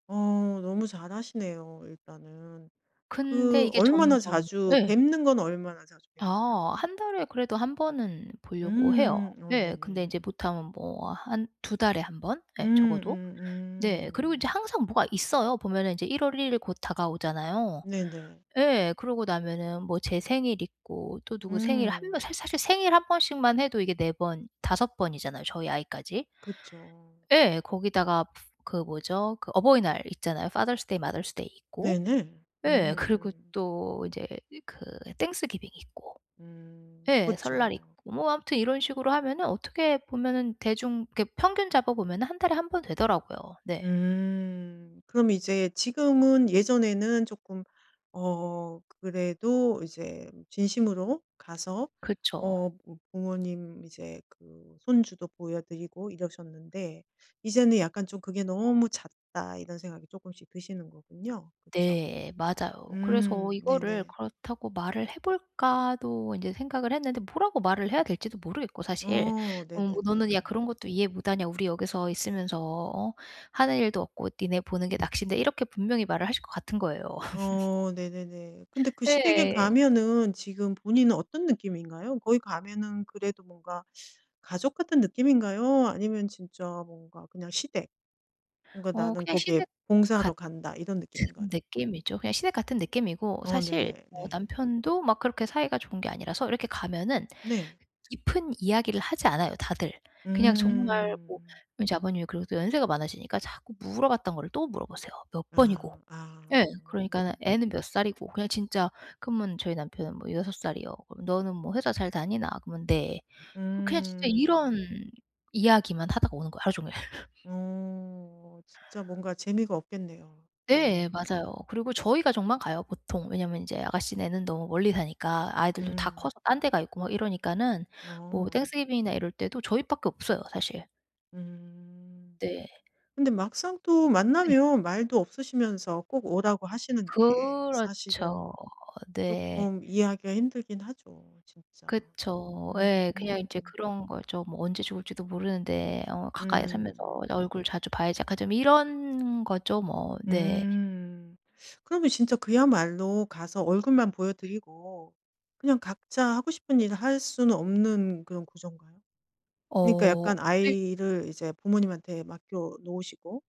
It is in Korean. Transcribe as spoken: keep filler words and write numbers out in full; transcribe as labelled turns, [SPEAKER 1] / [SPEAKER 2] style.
[SPEAKER 1] 어 너무 잘하시네요 일단은.
[SPEAKER 2] 근데
[SPEAKER 1] 그
[SPEAKER 2] 이게
[SPEAKER 1] 얼마나
[SPEAKER 2] 점점
[SPEAKER 1] 자주
[SPEAKER 2] 예.
[SPEAKER 1] 뵙는 건 얼마나 자주 뵙나요?
[SPEAKER 2] 아 한 달에 그래도 한 번은 보려고 해요.
[SPEAKER 1] 음음 어
[SPEAKER 2] 예, 근데 인제
[SPEAKER 1] 네네.
[SPEAKER 2] 못하면 뭐 한 두 달에 한 번
[SPEAKER 1] 음
[SPEAKER 2] 예. 적어도.
[SPEAKER 1] 음
[SPEAKER 2] 네. 그리고 인제
[SPEAKER 1] 음.
[SPEAKER 2] 항상 뭐가 있어요. 보면은 이제 일 월 일 일 곧 다가오잖아요.
[SPEAKER 1] 네네.
[SPEAKER 2] 예, 그러고 나면은 뭐 제 생일 있고 또 누구 생일 한 명
[SPEAKER 1] 음.
[SPEAKER 2] 사 사실 생일 한 번씩만 해도 이게 네 번, 다섯 번이잖아요 저희 아이까지.
[SPEAKER 1] 그쵸.
[SPEAKER 2] 예, 거기다가 그 뭐죠? 그 어버이날 있잖아요. Father's Day, Mother's Day 있고
[SPEAKER 1] 네. 네. 음
[SPEAKER 2] 예. 그리고
[SPEAKER 1] 음.
[SPEAKER 2] 또 이제 그 Thanksgiving 있고
[SPEAKER 1] 음
[SPEAKER 2] 예 설날 있고.
[SPEAKER 1] 그쵸.
[SPEAKER 2] 뭐 아무튼 이런 식으로 하면은 어떻게 보면은 대중 이렇게 평균 잡아 보면은 한 달에 한 번 되더라고요. 네.
[SPEAKER 1] 음 그럼 이제 지금은 예전에는 쪼끔 어 그래도 이제 진심으로 가서
[SPEAKER 2] 그쵸.
[SPEAKER 1] 어 뭐 부모님 이제 그 손주도 보여드리고 이러셨는데 이제는 약간 좀 '그게 너무 잦다.' 이런 생각이 쪼끔씩 드시는 거군요. 그쵸.
[SPEAKER 2] 네 맞아요. 그래서
[SPEAKER 1] 음
[SPEAKER 2] 이거를
[SPEAKER 1] 네네.
[SPEAKER 2] 그렇다고 말을 해볼까도 인제 생각을 했는데 뭐라고 말을 해야 될지도 모르겠고 사실.
[SPEAKER 1] 어
[SPEAKER 2] 어 뭐 너는 야
[SPEAKER 1] 네네네.
[SPEAKER 2] 그런 것도 이해 못하냐 우리 여기서 있으면서 어 하는 일도 없고 니네 보는 게 낙신데 이렇게 분명히 말을 하실 것 같은 거예요.
[SPEAKER 1] 어 네네네. 근데 그 시댁에
[SPEAKER 2] 예.
[SPEAKER 1] 가면은 지금 본인은 어떤 느낌인가요? 거기 가면은 그래도 뭔가 가족 같은 느낌인가요? 아니면 진짜 뭔가 그냥 시댁. 뭔가
[SPEAKER 2] 어
[SPEAKER 1] '나는
[SPEAKER 2] 그냥
[SPEAKER 1] 거기에
[SPEAKER 2] 시댁
[SPEAKER 1] 봉사하러
[SPEAKER 2] 같은
[SPEAKER 1] 간다.' 이런 느낌인가요?
[SPEAKER 2] 느낌이죠. 그냥 시댁 같은 느낌이고
[SPEAKER 1] 어
[SPEAKER 2] 사실
[SPEAKER 1] 네
[SPEAKER 2] 뭐
[SPEAKER 1] 네.
[SPEAKER 2] 남편도 막 그렇게 사이가 좋은 게 아니라서 이렇게 가면은
[SPEAKER 1] 네.
[SPEAKER 2] 깊은 이야기를 하지 않아요 다들. 그냥 정말
[SPEAKER 1] 음.
[SPEAKER 2] 뭐 인제 아버님이 그리고 또 연세가 많아지니까 자꾸 물어봤던 거를 또 물어보세요. 몇 번이고.
[SPEAKER 1] 아 아.
[SPEAKER 2] 예. 그러니까는 애는 몇 살이고? 그냥 진짜 그러면 저희 남편은 뭐 여섯 살이요 그러면 너는 뭐 회사 잘 다니나? 그러면 "네." 그 그냥 진짜 이런
[SPEAKER 1] 음.
[SPEAKER 2] 이야기만 하다가 오는 거예요 하루 종일.
[SPEAKER 1] 어 진짜 뭔가 재미가 없겠네요.
[SPEAKER 2] 네
[SPEAKER 1] 너무.
[SPEAKER 2] 맞아요. 그리고 저희 가족만 가요 보통. 왜냐하면 인제 아가씨네는 너무 멀리 사니까 아이들도 다
[SPEAKER 1] 음.
[SPEAKER 2] 커서 딴 데 가 있고 막 이러니까는 뭐
[SPEAKER 1] 어.
[SPEAKER 2] Thanksgiving이나 이럴 때도 저희 밖에 없어요 사실.
[SPEAKER 1] 음
[SPEAKER 2] 네.
[SPEAKER 1] 근데 막상 또
[SPEAKER 2] 네.
[SPEAKER 1] 만나면 말도 없으시면서 꼭 오라고 하시는 게 사실은
[SPEAKER 2] 그렇죠. 네.
[SPEAKER 1] 쪼끔 이해하기가 힘들긴 하죠. 진짜.
[SPEAKER 2] 그쵸.
[SPEAKER 1] 음.
[SPEAKER 2] 예. 그냥 인제 그런 거죠. 뭐 언제 죽을지도 모르는데 어 가까이 살면서
[SPEAKER 1] 음.
[SPEAKER 2] 어 얼굴 자주 봐야지 약간 좀 이런 거죠. 뭐 네.
[SPEAKER 1] 음. 그러면 진짜 그야말로 가서 얼굴만 보여드리고 그냥 각자 하고 싶은 일을 할 수는 없는 그런 구조인가요? 그러니까
[SPEAKER 2] 어.
[SPEAKER 1] 약간
[SPEAKER 2] 네.
[SPEAKER 1] 아이를 이제 부모님한테 맡겨 놓으시고